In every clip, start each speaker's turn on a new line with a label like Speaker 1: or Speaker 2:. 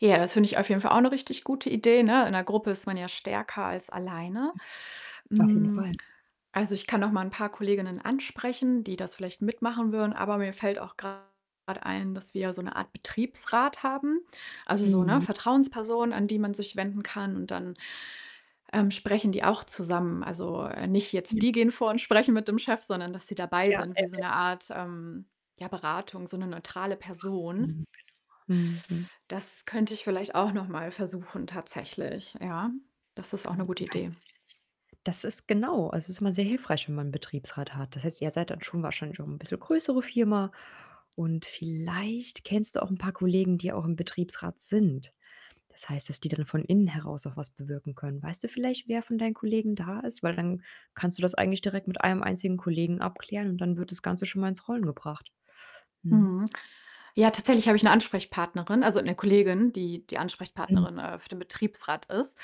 Speaker 1: Ja, das finde ich auf jeden Fall auch 'ne richtig gute Idee, ne? In 'ner Gruppe ist man ja stärker als alleine.
Speaker 2: Auf jeden
Speaker 1: Hm,
Speaker 2: Fall.
Speaker 1: also, ich kann noch mal 'n paar Kolleginnen ansprechen, die das vielleicht mitmachen würden, aber mir fällt auch grad ein, dass wir ja so 'ne Art Betriebsrat haben. Also, so, ne,
Speaker 2: Mhm.
Speaker 1: Vertrauensperson, an die man sich wenden kann, und dann, ähm, sprechen die auch zusammen. Also, äh, nicht jetzt
Speaker 2: [unintelligible]
Speaker 1: die gehen vor und sprechen mit dem Chef, sondern dass die dabei
Speaker 2: Ja,
Speaker 1: sind
Speaker 2: ja,
Speaker 1: wie so
Speaker 2: ja.
Speaker 1: 'ne Art, ähm, ja, Beratung, so 'ne neutrale Person.
Speaker 2: Mhm, mhm, mhm.
Speaker 1: Das könnte ich vielleicht auch noch mal versuchen tatsächlich, ja. Das ist auch 'ne
Speaker 2: Hm,
Speaker 1: gute
Speaker 2: und weißt
Speaker 1: Idee.
Speaker 2: du vielleicht das ist genau, also, ist immer sehr hilfreich, wenn man 'n Betriebsrat hat. Das heißt, ihr seid dann schon wahrscheinlich auch 'n bisschen größere Firma und vielleicht kennst du auch 'n paar Kollegen, die auch im Betriebsrat sind. Das heißt, dass die dann von innen heraus auch was bewirken können. Weißt du vielleicht, wer von deinen Kollegen da ist? Weil dann kannst du das eigentlich direkt mit einem einzigen Kollegen abklären und dann wird das Ganze schon mal ins Rollen gebracht, ne?
Speaker 1: Mhm. Ja, tatsächlich habe ich 'ne Ansprechpartnerin, also 'ne Kollegin, die die
Speaker 2: Mhm.
Speaker 1: Ansprechpartnerin, äh, für den Betriebsrat ist.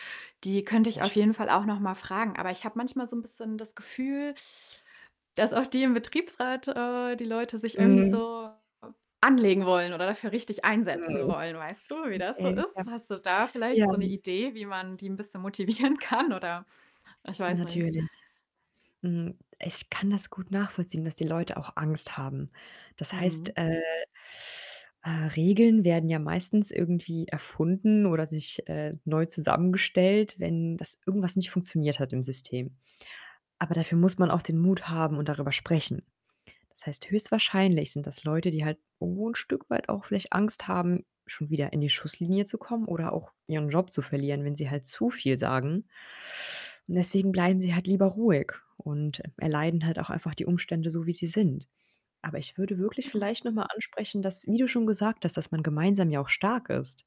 Speaker 1: Die könnte ich
Speaker 2: Sehr
Speaker 1: auf
Speaker 2: schön,
Speaker 1: jeden
Speaker 2: ja.
Speaker 1: Fall auch noch mal fragen, aber ich habe manchmal so 'n bisschen das Gefühl, dass auch die im Betriebsrat äh, die Leute sich irgendwie nicht
Speaker 2: Mhm.
Speaker 1: so anlegen wollen oder dafür richtig einsetzen
Speaker 2: Mhm.
Speaker 1: wollen. Weißt du, wie das so
Speaker 2: Okay, ja,
Speaker 1: ist? Hast du da vielleicht so 'ne
Speaker 2: ja.
Speaker 1: Idee, wie man die 'n bisschen motivieren kann, oder ich weiß nicht.
Speaker 2: Natürlich. Hm, ich kann das gut nachvollziehen, dass die Leute auch Angst haben. Das
Speaker 1: Mhm.
Speaker 2: heißt, äh, äh, Regeln werden ja meistens irgendwie erfunden oder sich äh, neu zusammengestellt, wenn das irgendwas nicht funktioniert hat im System. Aber dafür muss man auch den Mut haben und darüber sprechen. Das heißt, höchstwahrscheinlich sind das Leute, die halt irgendwo 'n Stück weit auch vielleicht Angst haben, schon wieder in die Schusslinie zu kommen oder auch ihren Job zu verlieren, wenn sie halt zu viel sagen. Und deswegen bleiben sie halt lieber ruhig und e erleiden halt auch einfach die Umstände so, wie sie sind. Aber ich würde wirklich vielleicht noch mal ansprechen, dass wie du schon gesagt hast, dass man gemeinsam ja auch stark ist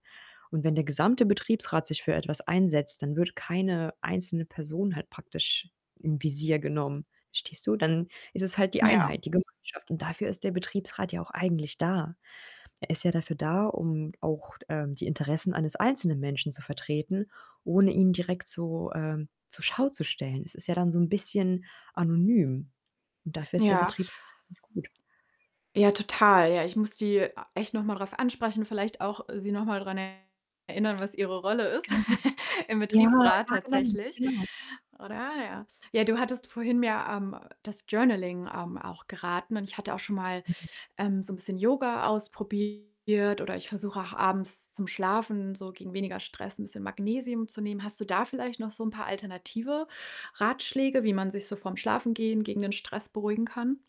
Speaker 2: und wenn der gesamte Betriebsrat sich für etwas einsetzt, dann wird keine einzelne Person halt praktisch in Visier genommen, verstehst du? Dann ist es halt die
Speaker 1: Ja.
Speaker 2: Einheit, die Gemeinschaft und dafür ist der Betriebsrat ja auch eigentlich da. Er ist ja dafür da, um auch d ähm, die Interessen eines einzelnen Menschen zu vertreten, ohne ihn direkt so, ähm, zur Schau zu stellen. Es ist ja dann so 'n bisschen anonym und dafür ist der
Speaker 1: Ja.
Speaker 2: Betriebsrat ganz gut.
Speaker 1: Ja, total. Ja, ich muss die a echt noch mal drauf ansprechen, vielleicht auch sie noch mal dran erinnern, was ihre Rolle ist im
Speaker 2: Genau. Ja,
Speaker 1: Betriebsrat
Speaker 2: ja, genau,
Speaker 1: tatsächlich,
Speaker 2: genau.
Speaker 1: oder? Ja. Ja, du hattest vorhin ja, ähm, das Journaling, ähm, auch geraten und ich hatte auch schon mal, ähm, so 'n bisschen Yoga ausprobiert oder ich versuche auch abends zum Schlafen so gegen weniger Stress 'n bisschen Magnesium zu nehmen. Hast du da vielleicht noch so 'n paar alternative Ratschläge, wie man sich so vorm Schlafengehen gegen den Stress beruhigen kann?